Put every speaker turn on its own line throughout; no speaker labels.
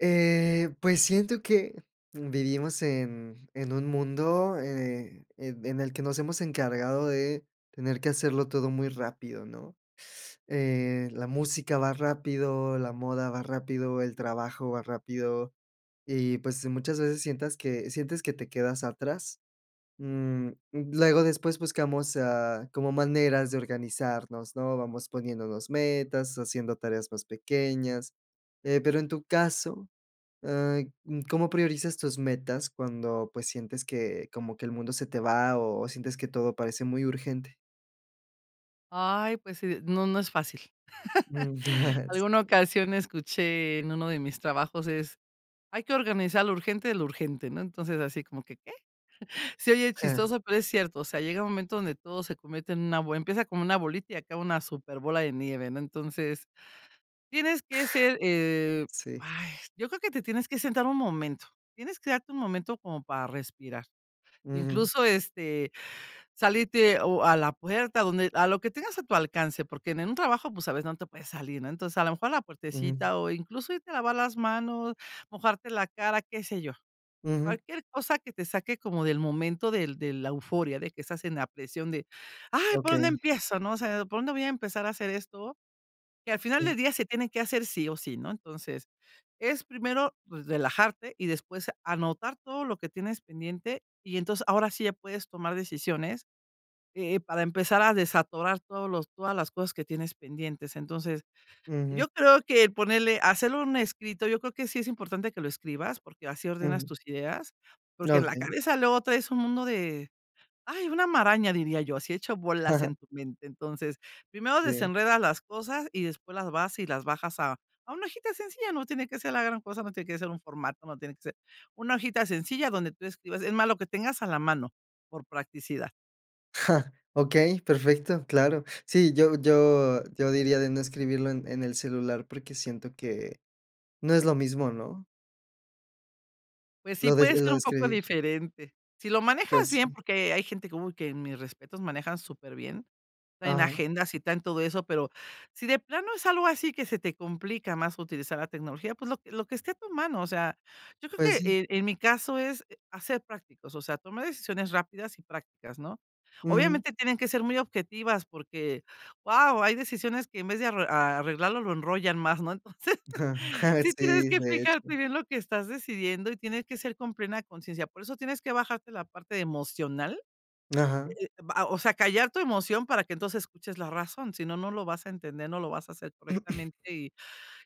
Eh, pues siento que vivimos en en un mundo, eh, en en el que nos hemos encargado de tener que hacerlo todo muy rápido, ¿no?, eh, la música va rápido, la moda va rápido, el trabajo va rápido y, pues, muchas veces sientas que sientes que te quedas atrás. Mm, luego, después buscamos, ah, como maneras de organizarnos, ¿no?, vamos poniéndonos metas, haciendo tareas más pequeñas. Eh, pero, en tu caso, ah, ¿cómo priorizas tus metas cuando, pues, sientes que como que el mundo se te va o sientes que todo parece muy urgente?
Ay, pues sí, no, no es fácil.
Mm.
Alguna
Sí.
ocasión escuché en uno de mis trabajos es: "Hay que organizar lo urgente de lo urgente, ¿no?". Entonces, así como que "¿Qué?", se oye chistoso, pero es cierto, o sea, llega un momento donde todo se convierte en una bo empieza como una bolita y acaba una superbola de nieve, ¿no? Entonces, tienes que ser, eh,
Sí
yo creo que te tienes que sentar un momento, tienes que darte un momento como para respirar,
Ujú.
incluso, este, salirte o a la puerta donde a lo que tengas a tu alcance, porque en en un trabajo, pues, a veces, no te puedes salir, ¿no? Entonces, a lo mejor a la
Ujú.
puertecita o incluso irte lavar las mano, mojarte la cara, qué sé yo.
Ujú.
Cualquier cosa que te saque como del momento del de la euforia de que estás en la presión de "¡Ay! ¿Por dónde
Okey.
empiezo, no?, o sea, ¿por dónde voy a empezar a hacer esto que al final
Sí.
del día se tienen que hacer sí o sí, no?". Entonces, es primero, pues, relajarte y después anotar todo lo que tienes pendiente. Y entonces, ahora sí, ya puedes tomar decisiones, eh, para empezar a desatorar todos los todas las cosas que tienes pendientes. Entonces,
Ujú.
yo creo que ponerle hacerlo en un escrito, yo creo que sí es importante que lo escribas porque así ordenas
Ujú.
tus ideas, porque en la
Okey.
cabeza, luego traes un mundo de, ay, una maraña diría yo, así hecho bolas en tu mente. Entonces, primero
Sí.
desenredas las cosas y después las vas y las bajas a a una hojita sencilla, no tiene que ser la gran cosa, no tiene que ser un formato, no tiene que ser una hojita sencilla donde tú escribas, es más lo que tengas a la mano, por practicidad.
Okey, perfecto, claro. Sí, yo yo yo diría, de no escribirlo en en el celular. Porque siento que no es lo mismo, ¿no?
Pues sí,
Lo des
puede
lo
ser
de
un poco
escribir.
diferente. Si lo manejas
Pues
bien,
sí.
porque hay gente que, ¡uy!, que mis respetos. Manejan súper bien, traen
Ajá.
agendas y traen todo eso. Pero, si de plano es algo así, que se te complica más, utilizar la tecnología, pues lo que lo que esté a tu mano. O sea, yo creo
Pues
que,
sí.
eh, en mi caso, es a ser prácticos. O sea, tomar decisiones, rápidas y prácticas, ¿no?
Ujú.
Obviamente, tienen que ser muy objetivas, porque, ¡guau! Hay decisiones, que en vez de arr arreglarlo, lo enrollan más ¿no? Entonces, sí tienes
Sí,
que
de
fijarte
hecho.
bien, lo que estás decidiendo, y tiene que ser, con plena consciencia. Por eso, tienes que bajarte, la parte emocional.
Ajá.
Eh eh, va o sea, callar tu emoción, para que entonces, escuches la razón. Si no, no lo vas a entender, no lo vas a hacer correctamente. Y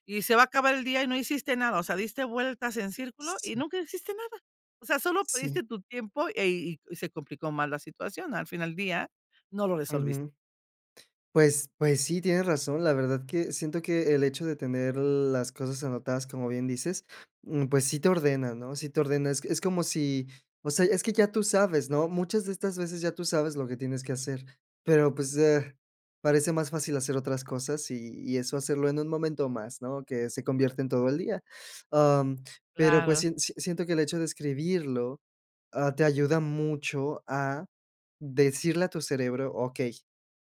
y se va a acabar el día, y no hiciste nada. O sea, diste vueltas en círculo, y
Sí.
nunca hiciste nada. O sea, solo
Sí.
perdiste tu tiempo, eh y y se complicó mal la situación. Al fin al día, no lo resolviste.
Ujú. Pues pues, sí, tienes razón. La verdad que, siento que, el hecho de tener, las cosas anotadas, como bien dices, mm, pues sí te ordena, ¿no?, sí te ordena. Es c es como si o sea, es que ya tú sabes, ¿no? Muchas de estas veces, ya tú sabes, lo que tienes que hacer. Pero, pues, eh, parece más fácil hacer otras cosas, y y eso hacerlo, en un momento más, ¿no? Que se convierte en todo el día. Am, pero, pues,
Claro.
sien s siento, que el hecho de escribirlo, ah, te ayuda mucho, a decirle a tu cerebro: "Okey,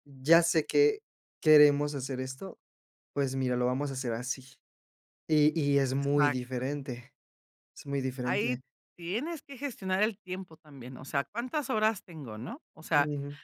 ya sé que queremos hacer esto. Pues mira, lo vamos a hacer así". Y y, es muy
Exacto.
diferente. Es muy
Ahí,
diferente.
tienes que gestionar, el tiempo también. O sea, ¿cuántas horas tengo, no? O sea,
Ujú.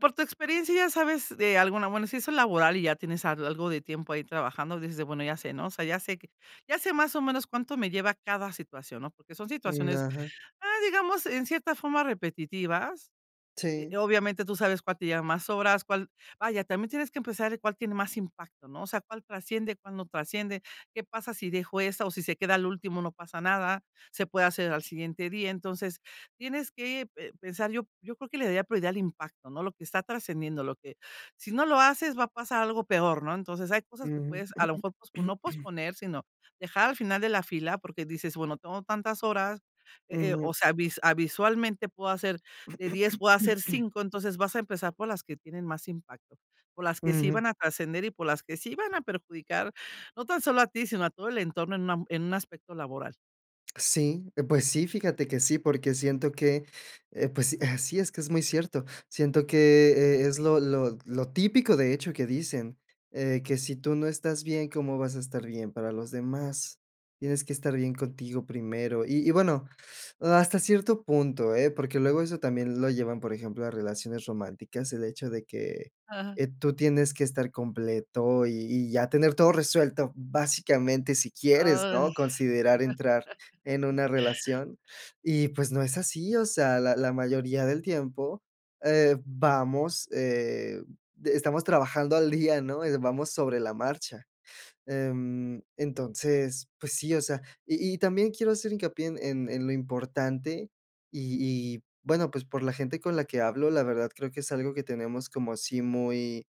por tu experiencia, ya sabes, de alguna bueno, si eso es laboral, y ya tienes al algo de tiempo, ahí trabajando, dices de: "Bueno, ya sé", ¿no? O sea, ya sé que ya sé más o menos, cuánto me lleva cada situación, ¿no? Porque son
Mm,
situaciones,
ajá.
ah, digamos, en cierta forma, repetitivas.
Sí.
Eh, obviamente, tú sabes cuál te lleva más horas, cuál vaya, también tienes que pensar, de cuál tiene más impacto, ¿no? O sea, cuál trasciende, cuál no trasciende, ¿qué pasa si dejo esa, o si se queda al último?, ¿no pasa nada? ¿Se puede hacer al siguiente día? Entonces, tienes que pe pensar. Yo yo creo, que le daría prioridad, al impacto, ¿no? Lo que está trascendiendo. Lo que, si no lo haces, va a pasar algo peor ¿no? Entonces, hay cosas que
Ujú.
puedes, a lo mejor, pospo no posponer, sino, dejar al final de la fila. Porque dices, bueno, tengo tantas horas Eh eh, o
Ujú.
sea, visua ah, visualmente puedo hacer de 10, o a hacer 5 Entonces, vas a empezar, por las que tienen más impacto, por las que sí
Ujú.
van a trascender, y por las que sí van a perjudicar. No tan solo a ti, sino, a todo el entorno, en un am en un aspecto laboral.
Sí, eh, pues, sí, fíjate que sí, porque siento que, eh, pues, sí es que es muy cierto. Siento que e es lo lo lo típico, de hecho, que dicen, eh, que si tú no estás bien, ¿cómo vas a estar bien para los demás?, tienes que estar bien contigo primero. Y y, bueno, hasta cierto punto, ¿eh?, porque luego eso también lo llevan, por ejemplo, a relaciones románticas, el hecho de que,
Ajá.
eh, tú tienes que estar completo y y ya tener todo resuelto, básicamente, si quieres,
Ay.
¿no?, considerar entrar en una relación, y, pues, no es así, o sea, la la mayoría del tiempo, eh, vamos, eh, estamos trabajando al día, ¿no?, eh, vamos sobre la marcha, em, entonces, pues, sí, o sea, y y también quiero hacer hincapié en en en lo importante y y bueno, pues, por la gente con la que hablo, la verdad, creo que es algo que tenemos como así muy,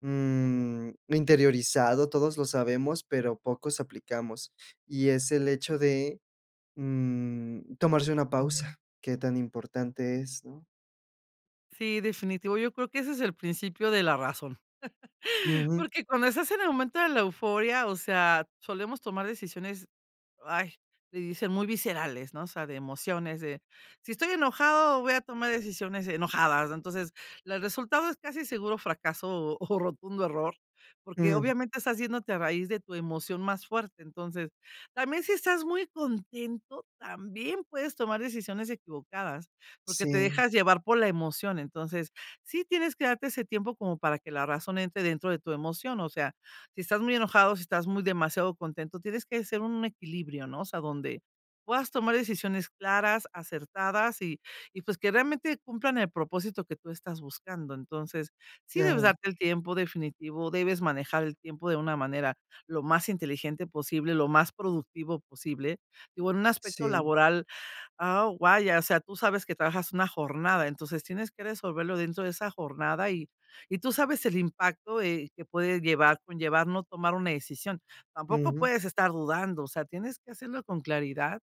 mm, interiorizado, todos lo sabemos, pero pocos aplicamos, y es el hecho de, mm, tomarse una pausa, que tan importante es, ¿no?
Sí, definitivo. Yo creo que ese es el principio de la razón,
Ujú.
porque cuando estás en el momento de la euforia, o sea, solemos tomar decisiones, ay, le dicen muy viscerales, ¿no?, o sea, de emociones, de, si estoy enojado, voy a tomar decisiones enojadas. Entonces, las resultado es casi seguro fracaso o rotundo error, porque
Mm.
obviamente estás yéndote a raíz de tu emoción más fuerte. Entonces, también si estás muy contento, también puedes tomar decisiones equivocadas porque te
Sí.
dejas llevar por la emoción. Entonces, sí tienes que darte ese tiempo como para que la razón entre dentro de tu emoción. O sea, si estás muy enojado, si estás muy demasiado contento, tienes que ser un equilibrio, ¿no?, o sea, donde puedas tomar decisiones claras, acertadas y y pues que realmente cumplan el propósito que tú estás buscando. Entonces, sí debes
Ajá.
darte el tiempo definitivo, debes manejar el tiempo de una manera lo más inteligente posible lo más productivo posible y bueno un aspecto
Sí.
laboral a o vaya o sea tú sabes que trabajas una jornada entonces tienes que resolverlo dentro de esa jornada y y tú sabes el impacto, eh, que puede llevar conllevar no tomar una decisión. Tampoco
Ujú.
puedes estar dudando, o sea, tienes que hacerlo con claridad.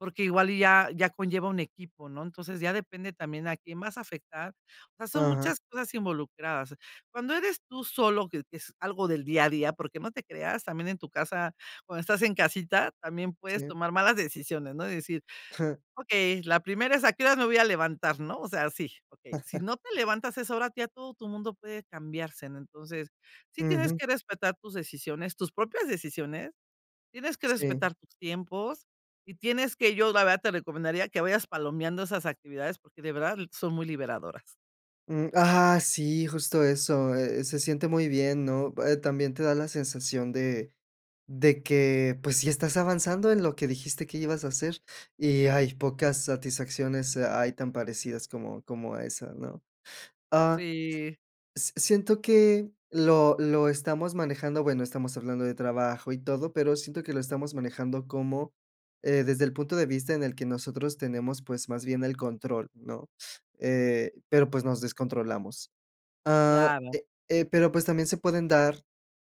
Porque igual y ya ya conlleva un equipo, ¿no?, entonces, ya depende también a quién vas afectar. O sea, son
Ajá.
muchas cosas involucradas. Cuando eres tú solo, que es es algo del día a día, porque no te creas también en tu casa, cuando estás en casita, también puedes
Sí.
tomar malas decisiones, ¿no? y decir: "Okey, la primera es a qué horas me voy a levantar", ¿no?, o sea, sí, okey, si no te levantas a esa ahora ya todo tu mundo puede cambiarse, ¿no?, entonces sí tienes
Ujú.
que respetar tus decisiones, tus propias decisiones. Tienes que
Sí.
respetar tus tiempos y tienes que yo la verdad te recomendaría que vayas palomeando esas actividades porque de verdad son muy liberadoras.
Mm, ajá, sí, justo eso, eh, se siente muy bien, ¿no?, eh, también te da la sensación de de que, pues, sí estás avanzando en lo que dijiste que ibas a hacer, y hay pocas satisfacciones, ay, tan parecidas como como a esa, ¿no?, ah
Sí.
s s siento que lo lo estamos manejando bueno, estamos hablando de trabajo y todo, pero siento que lo estamos manejando como, eh, desde el punto de vista en el que nosotros tenemos, pues, más bien el control, ¿no?, eh, pero, pues, nos descontrolamos, ah,
Claro.
eh eh, pero, pues, también se pueden dar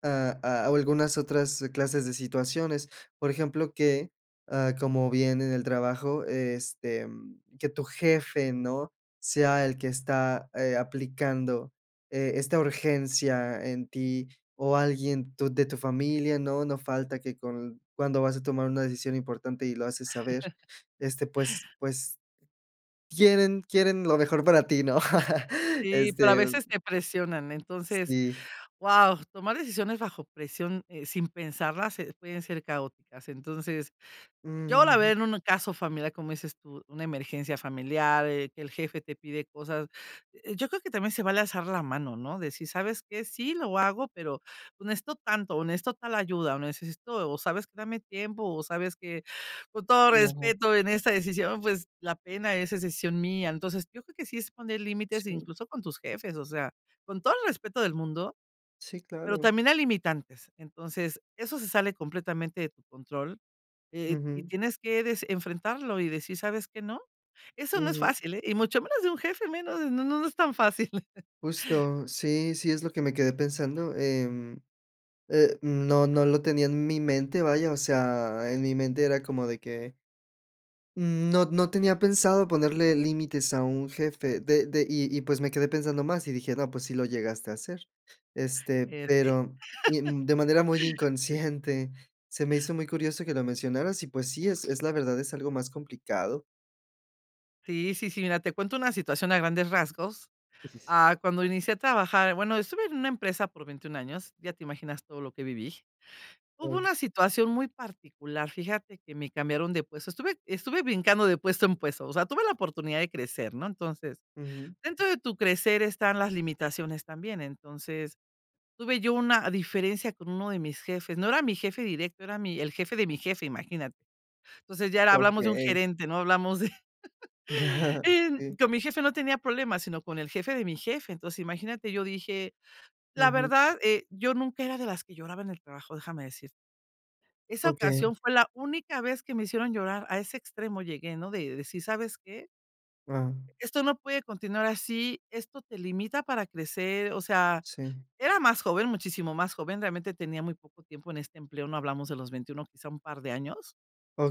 a a algunas otras clases de situaciones, por ejemplo, que, ah, como bien en el trabajo, este, que tu jefe, ¿no?, sea el que está, eh, aplicando, eh, esta urgencia en ti o alguien tu de tu familia, ¿no?, no falta que con cuando vas a tomar una decisión importante y lo haces saber, este, pues pues, quieren quieren lo mejor para ti, ¿no?,
Sí, pero a
este
veces, te presionan, entonces,
Sí.
guau, tomar decisiones bajo presión, eh, sin pensarlas, eh, pueden ser caóticas, entonces, yo la
Ujú.
verdad en un caso familiar, como dices tú, una emergencia familiar, eh, que el jefe te pide cosas, yo creo que también se vale alzar la mano, ¿no?, decir: "¿Sabes qué?, sí, lo hago, pero necesito tanto", o "Necesito tal ayuda", o "Necesito" o, "¿Sabes qué?, dame tiempo", o, "¿Sabes qué?, con todo
No.
respeto en esta decisión, pues, la pena, es es decisión mía". Entonces, yo creo que sí es poner límites,
Sí.
incluso con tus jefes, o sea, con todo el respeto del mundo,
Sí,
pero
claro.
también hay limitantes, entonces, eso se sale completamente de tu control, eh, y
Ujú.
tienes que dec enfrentarlo y decir: "¿Sabes qué?, no". Eso no es
Ujú.
fácil, ¿eh?, y mucho menos de un jefe, menos, no no no es tan fácil.
Justo, sí, sí es lo que me quedé pensando, em, eh, no no lo tenía en mi mente, vaya, o sea, en mi mente era como de que n no no tenía pensado ponerle límites a un jefe de de y y, pues, me quedé pensando más y dije: "No, pues, sí lo llegaste a hacer", este,
Este
pero y, mm, de manera muy
Eh.
inconsciente, se me hizo muy curioso que lo mencionaras y, pues, sí, es es la verdad, es algo más complicado.
Sí, sí, sí. Mira, te cuento una situación a grandes rasgos. Ah, cuando inicié a trabajar bueno, estuve en una empresa por 21 años, ya te imaginas todo lo que viví. Hubo
Okey.
una situación muy particular, fíjate que me cambiaron de puesto. Estuve estuve brincando de puesto en puesto, o sea, tuve la oportunidad de crecer, ¿no? Entonces,
Ujú.
dentro de tu crecer están las limitaciones también. Entonces, tuve yo una diferencia con uno de mis jefes, no era mi jefe directo, era mi el jefe de mi jefe, imagínate. Entonces, ya era hablamos de un
Okey.
gerente, ¿no?, hablamos de en
Sí.
con mi jefe no tenía problemas, sino con el jefe de mi jefe. Entonces imagínate, yo dije la
Ujú.
verdad, eh, yo nunca era de las que lloraba en el trabajo, déjame decirte. Esa
Okey.
ocasión fue la única vez que me hicieron llorar, a ese extremo llegué, ¿no?, de decir: "¿Sabes qué?
Guau.
Esto no puede continuar así, esto te limita para crecer". O sea,
Sí.
era más joven, muchísimo más joven, realmente, tenía muy poco tiempo en este empleo, ¿no? Hablamos de los 21, quizá, un par de años.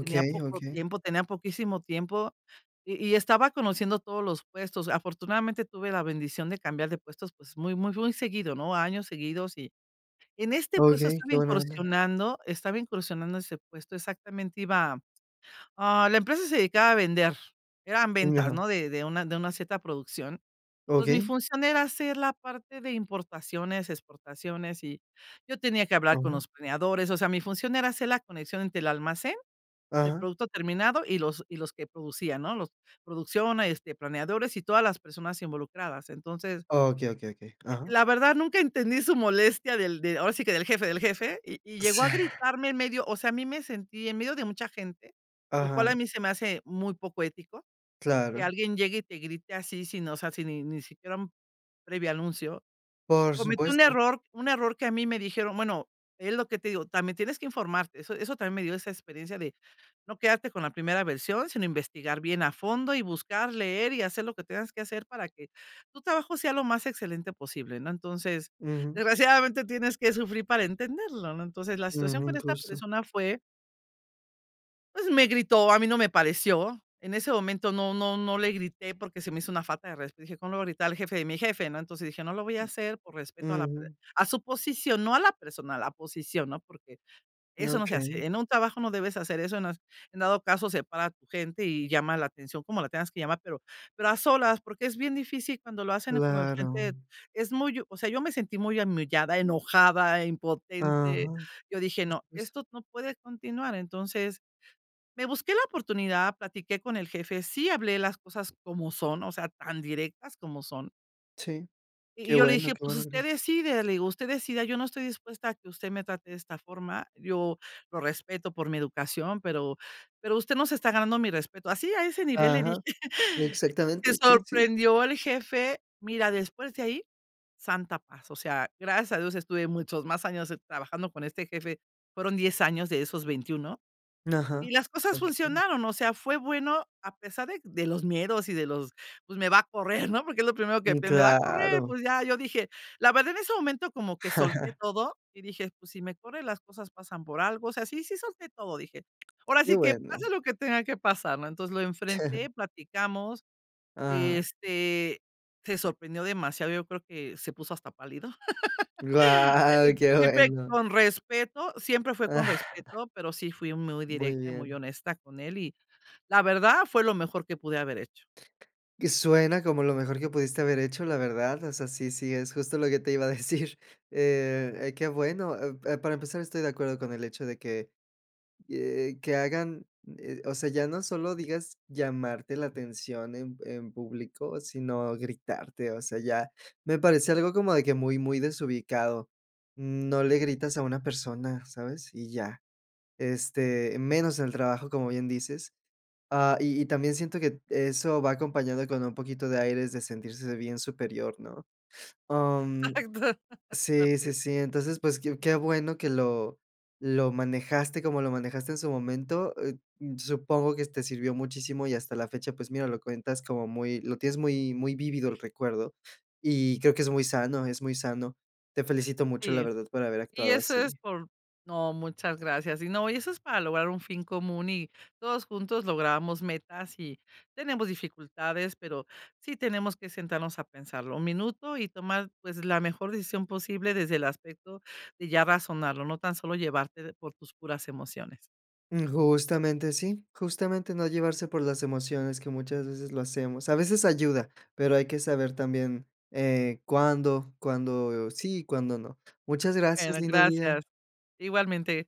Tenía poco
okey.
tiempo, tenía poquísimo tiempo, y y estaba conociendo todos los puestos. Afortunadamente, tuve la bendición de cambiar de puestos, pues, muy, muy, muy seguido, ¿no?, a años seguidos. Y en este puesto
Okey,
estaba
qué buena onda.
incursionando, estaba incursionando ese puesto, exactamente iba ah, la empresa se dedicaba a vender, eran
Mm,
ventas,
ajá.
¿no? De de una de una cierta producción. Entonces, mi
Okey.
función era hacer la parte de importaciones, exportaciones, y yo tenía que hablar con
Ajá.
los planeadores, o sea, mi función era hacer la conexión entre el almacén de
Ajá.
producto terminado, y los y los que producían, ¿no?, los producción, este, planeadores y todas las personas involucradas. Entonces
Okey, okey, okey,
eh,
ajá.
la verdad nunca entendí su molestia del de, ahora sí que del jefe, del jefe, y y
O
llegó a
sea
gritarme en medio o sea, a mí me sentí en medio de mucha gente, lo cual,
Ajá.
a mí se me hace muy poco ético, que
Claro.
alguien llegue, y te grite así, sino o sea, si ni ni siquiera un previo anuncio.
Por
Cometí un
supuesto.
error un error que a mí me dijeron, bueno, es lo que te digo, también tienes que informarte. Eso eso también me dio esa experiencia de no quedarte con la primera versión, sino investigar bien a fondo, y buscar leer, y hacer lo que tengas que hacer para que tu trabajo sea lo más excelente posible, ¿no? Entonces,
Ujú.
desgraciadamente, tienes que sufrir para entenderlo, ¿no? Entonces, la situación
Ujú,
con esta
justo.
persona fue pues, me gritó, a mí no me pareció. En ese momento no no no le grité, porque se me hizo una falta de resp dije: "Cómo lo voy a gritar, el jefe, de mi jefe", ¿no? Entonces dije: "No lo voy a hacer por respeto a la per
Ujú.
a su posición, no a la persona, a la posición", ¿no? Porque eso no se
Okey.
hace. En un trabajo, no debes hacer eso, no es en dado caso, separa a tu gente, y llama la atención, como la tengas que llamar, pero pero a solas. Porque es bien difícil cuando lo hacen como enfrente
Claro.
es muy hu o sea, yo me sentí muy humillada, enojada, impotente.
Ajá.
Yo dije:
Justo
"No,
eso.
esto no puede continuar". Entonces, me busqué la oportunidad, platiqué con el jefe, sí hablé las cosas como son, o sea, tan directas como son.
Sí.
Y y
Qué
yo le
bueno,
dije:
qué
"Pues,
buena
usted
eres.
decide", le digo: "Usted decida, yo no estoy dispuesta a que usted me trate de esta forma, yo lo respeto por mi educación, pero, pero usted no se está ganando mi respeto". Así a ese nivel le
Ajá.
dije. Se
Exactamente, sí, sí.
sorprendió el jefe. Mira, después de ahí, santa paz. O sea, gracias a Dios, estuve muchos más años trabajando con este jefe. Fueron 10 años de esos 21.
Ajá.
Y las cosas
Okey.
funcionaron. O sea, fue bueno, a pesar de de los miedos y de los: "Pues, me va a correr", ¿no? Porque es lo primero que
Mm,
pien "Me va a correr",
claro.
pues, ya, yo dije, la verdad, en ese momento como que solté todo, y dije: "Pues, si me corre, las cosas pasan por algo. O sea, sí, sí solté todo", dije. "Ahora
Qué
sí que
bueno.
pase lo que tenga que pasar", ¿no? Entonces, lo enfrenté, platicamos,
Ajá.
este, se sorprendió demasiado. Yo creo que se puso hasta pálido,
Guau, qué
siempre
bueno.
con respeto, siempre fue con respeto, pero sí fui muy
Muy
directa, y muy
bien.
honesta con él. Y la verdad, fue lo mejor que pude haber hecho.
Que suena como lo mejor que pudiste haber hecho, la verdad. O sea, sí, sí, es justo lo que te iba a decir. Eh, qué bueno. Eh, pa para empezar, estoy de acuerdo con el hecho de que, eh, que rhagan, eh, o sea, ya no solo digas llamarte la atención en en público, sino gritarte. O sea, ya me parece algo como de que muy, muy desubicado. Mm, no le gritas a una persona, ¿sabes? Y ya. Este, menos en el trabajo, como bien dices. Ah, y y también siento que eso va acompañado con un poquito de aires de sentirse bien superior, ¿no? Am,
Exacto.
sí,
Parte de
sí, sí. Entonces, pues, qué qué bueno que lo lo manejaste como lo manejaste en su momento. Eh, supongo que te sirvió muchísimo y hasta la fecha, pues, mira, lo cuentas como muy lo tienes muy muy vívido el recuerdo, y creo que es muy sano, es muy sano. Te felicito mucho, la
Sí.
verdad, por haber
Y
actuado
eso es
así.
por No, muchas gracias. Y no y eso es para lograr un fin común y, todos juntos, logramos metas y tenemos dificultades, pero sí tenemos que sentarnos a pensarlo 1 minuto, y tomar, pues, la mejor decisión posible desde el aspecto de ya razonarlo, no tan solo llevarte por tus puras emociones.
Justamente sí, justamente, no llevarse por las emociones, que muchas veces lo hacemos. A veces ayuda, pero hay que saber también, eh, cuándo, cuándo sí y cuándo no. Muchas gracias,
Bueno,
lindo día.
gracias. Igualmente.